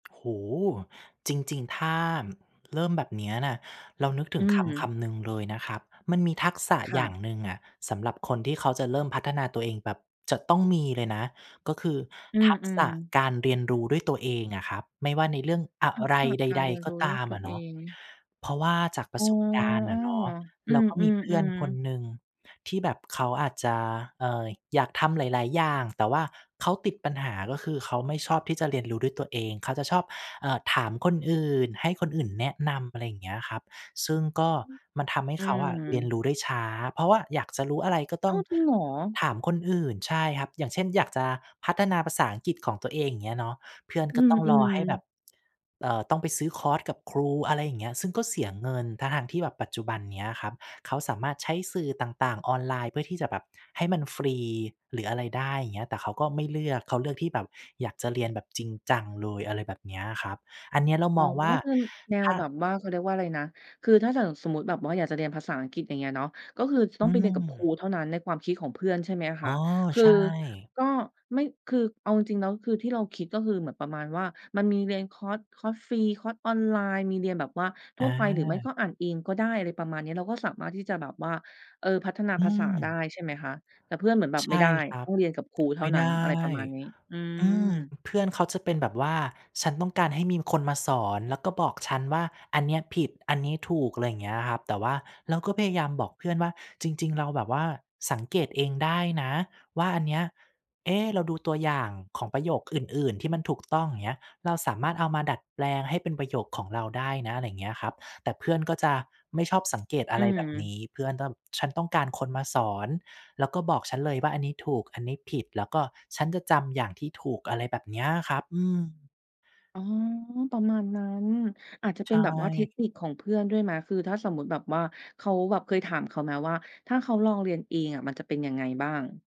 โอ้โฮ จริง ๆ ถ้าเริ่มแบบเนี้ยน่ะ เรานึกถอึืงคำคม ำหนึ่งเลยนะครับ มันมีทักษะค่อย่าะ งหนึ่งอะสำหรับคนที่เขาจะเริ่มพัฒนาตัวเอง แบบจะต้องมีเลยนะ ก็คืออืทักษอ ะๆ การเรียนรู้ด้วยตัวเองอะครับ ไม่ว่าในเรื่องอะทักไรษะใการด เรียนๆ กร็ู้ตด้วายมตัอวะ เนเอาะ ง เพราะว่าจากปอร๋อ ะสบการณ์เอออ ะเนาะ อืเราก็มีเพื่อนอ คๆ นๆ หนึ่งที่แบบเขาอาจจะ เอ่อ อยากทำหลาย ๆ อย่าง แต่ว่าเขาติดปัญหา ก็คือเขาไม่ชอบที่จะเรียนรู้ด้วยตัวเอง เขาจะชอบ เอ่อ ถามคนอื่น ให้คนอื่นแนะนำ อะไรอย่างเงี้ยครับ ซึ่งก็มันทำให้อืเขาอะเรียนม รู้ได้ช้า เพราะว่าอยากจะรู้อะไรก็ตอ้้อาง ว จริงเหรอ? ถามคนอื่น ใช่ครับ อย่างเช่นอยากจะพัฒนาภาษาอังกฤษของตัวเอง อย่างเงี้ยเนาะ เพื่อนอกื็ต้องรอใอ ห้แบๆ บ เอ่อ ต้องไปซื้อคอร์สกับครู อะไรอย่างเงี้ย ซึ่งก็เสียเงิน ทั้ง ๆ ที่แบบปัจจุบันเนี้ยครับเขาสามารถใช้สื่อต่าง ๆ ออนไลน์เพื่อที่จะแบบให้มันฟรี หรืออะไรได้ อย่างเงี้ย แต่เขาก็ไม่เลือก เขาเลือกที่แบบอยากจะเรียนแบบจริงจังเลย อะไรแบบเนี้ยครับ อันเนี้ยเราอ๋มอ องว่าคือ น แนถว้า แบบว่า เขาเรียกว่าอะไรนะ คือถ้าอย่างสมมติแบบว่าอยากจะเรียนภาษาอังกฤษ อย่างเงี้ยเนาะ ก็คือตอ้ืองไปเรียนกับครม ูเท่านั้นในความคิดของเพื่อน ใช่ไหมคอ๋ะ อ คือใช่ ก็ไม่ คือเอาจริง ๆ แล้วคือที่เราคิด ก็คือเหมือนประมาณว่า มันมีเรียนคอร์ส คอร์สฟรี คอร์สออนไลน์ มีเรียนแบบว่าทัอ่วไป หรือไม่ก็า อ่านเองก็ได้ อะไรประมาณนี้ เราก็สามารถที่จะแบบว่า เออ พัฒนาอืภาษาได้ ม ใช่ไหมคะ แต่เพื่อนเหมือนแบบ ใช"ไม่ไ่ด้ ครัต้บ องเรียนกับครูเทไ่มา่นัไ้ดน" ้ อะไรประมาณนี้ อือืม ม เพื่อนเขาจะเป็นแบบว่า "ฉันต้องการให้มีคนมาสอน แล้วก็บอกฉันว่า'อันเนี้ยผิด อันนี้ถูก'" อะไรอย่างเงี้ยครับ แต่ว่าเราก็พยายามบอกเพื่อนว่า "จริง ๆ เราแบบว่าสังเกตเองได้นะว่าอันเนี้ย เอ๊ เราดูตัวอย่างของประโยคอื่น ๆ ที่มันถูกต้อง อย่างเงี้ย เราสามารถเอามาดัดแปลงให้เป็นประโยคของเราได้นะ" อะไรอย่างเงี้ยครับ แต่เพื่อนก็จะไม่ชอบสังเกตออะืไรแบบนม ี้ เพื่อนก็ "ฉันต้องการคนมาสอน แล้วก็บอกฉันเลยว่า'อันนี้ถูก อันนี้ผิด' แล้วก็ฉันจะจำอย่างที่ถูก" อะไรแบบเนี้ยครับ อืม อ๋อ ประมาณนั้น อาจจะใเปช็นแบบว่าเท่ คนิคของเพื่อนด้วยไหม? คือถ้าสมมุติแบบว่าเขาแบบ เคยถามเขาไหม? ว่าถ้าเขาลองเรียนเองอะมันจะเป็นยังไงบ้าง